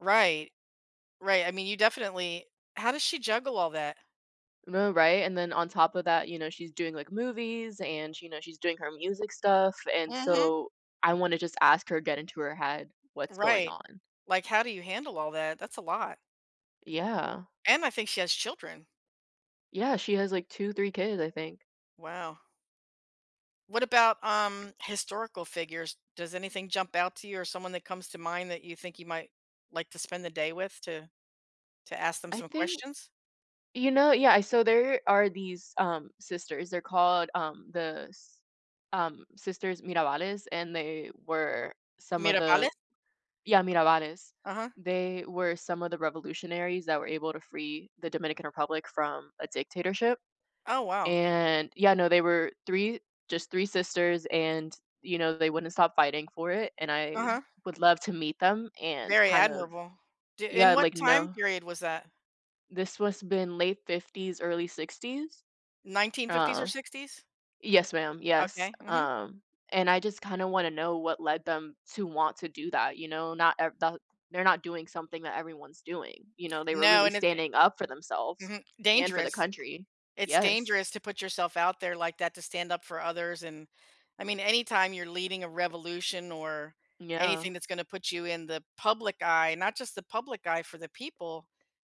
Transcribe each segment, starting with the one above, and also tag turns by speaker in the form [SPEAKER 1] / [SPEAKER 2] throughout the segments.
[SPEAKER 1] Right, right, I mean, you definitely how does she juggle all that?
[SPEAKER 2] No, right, and then on top of that, you know, she's doing, like, movies, and, you know, she's doing her music stuff, and
[SPEAKER 1] Mhm.
[SPEAKER 2] so I wanna just ask her, get into her head, what's going
[SPEAKER 1] Right.
[SPEAKER 2] on.
[SPEAKER 1] Like how do you handle all that? That's a lot.
[SPEAKER 2] Yeah.
[SPEAKER 1] And I think she has children.
[SPEAKER 2] Yeah, she has like 2, 3 kids, I think.
[SPEAKER 1] Wow. What about, um, historical figures? Does anything jump out to you or someone that comes to mind that you think you might like to spend the day with to to ask them
[SPEAKER 2] I
[SPEAKER 1] some
[SPEAKER 2] think
[SPEAKER 1] questions?
[SPEAKER 2] You know, yeah, so there are these, um, sisters, they're called, um, the S um, Sisters Mirabales, and they were some of the
[SPEAKER 1] Mirabales?
[SPEAKER 2] Yeah, Mirabales,
[SPEAKER 1] Uh-huh.
[SPEAKER 2] they were some of the revolutionaries that were able to free the Dominican Republic from a dictatorship,
[SPEAKER 1] Oh, wow.
[SPEAKER 2] and, yeah, no, they were 3, just 3 sisters, and, you know, they wouldn't stop fighting for it, and I
[SPEAKER 1] Uh-huh.
[SPEAKER 2] would love to meet them and
[SPEAKER 1] Very
[SPEAKER 2] kind of
[SPEAKER 1] admirable. T in
[SPEAKER 2] Yeah,
[SPEAKER 1] what
[SPEAKER 2] like,
[SPEAKER 1] time
[SPEAKER 2] kno
[SPEAKER 1] period was that?
[SPEAKER 2] This was been late '50s, early '60s.
[SPEAKER 1] 1950s or
[SPEAKER 2] Oh.
[SPEAKER 1] '60s.
[SPEAKER 2] Yes, ma'am, yes,
[SPEAKER 1] Okay, mhm.
[SPEAKER 2] um, and I just kinda wanna know what led them to want to do that, you know, not eh that they're not doing something that everyone's doing, you know, they were
[SPEAKER 1] No,
[SPEAKER 2] really
[SPEAKER 1] and it,
[SPEAKER 2] standing up for
[SPEAKER 1] eh
[SPEAKER 2] themselves
[SPEAKER 1] Mhm.
[SPEAKER 2] and for the
[SPEAKER 1] Dangerous.
[SPEAKER 2] country,
[SPEAKER 1] It's
[SPEAKER 2] yes.
[SPEAKER 1] dangerous to put yourself out there like that, to stand up for others, and I mean, anytime you're leading a revolution or
[SPEAKER 2] Mm
[SPEAKER 1] anything
[SPEAKER 2] yeah.
[SPEAKER 1] that's gonna put you in the public eye, not just the public eye for the people,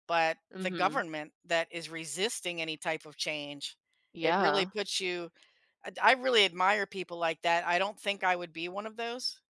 [SPEAKER 1] but the
[SPEAKER 2] Mhm.
[SPEAKER 1] government that is resisting any type of change. It really
[SPEAKER 2] Yeah.
[SPEAKER 1] puts you, I d I really admire people like that. I don't think I would be one of those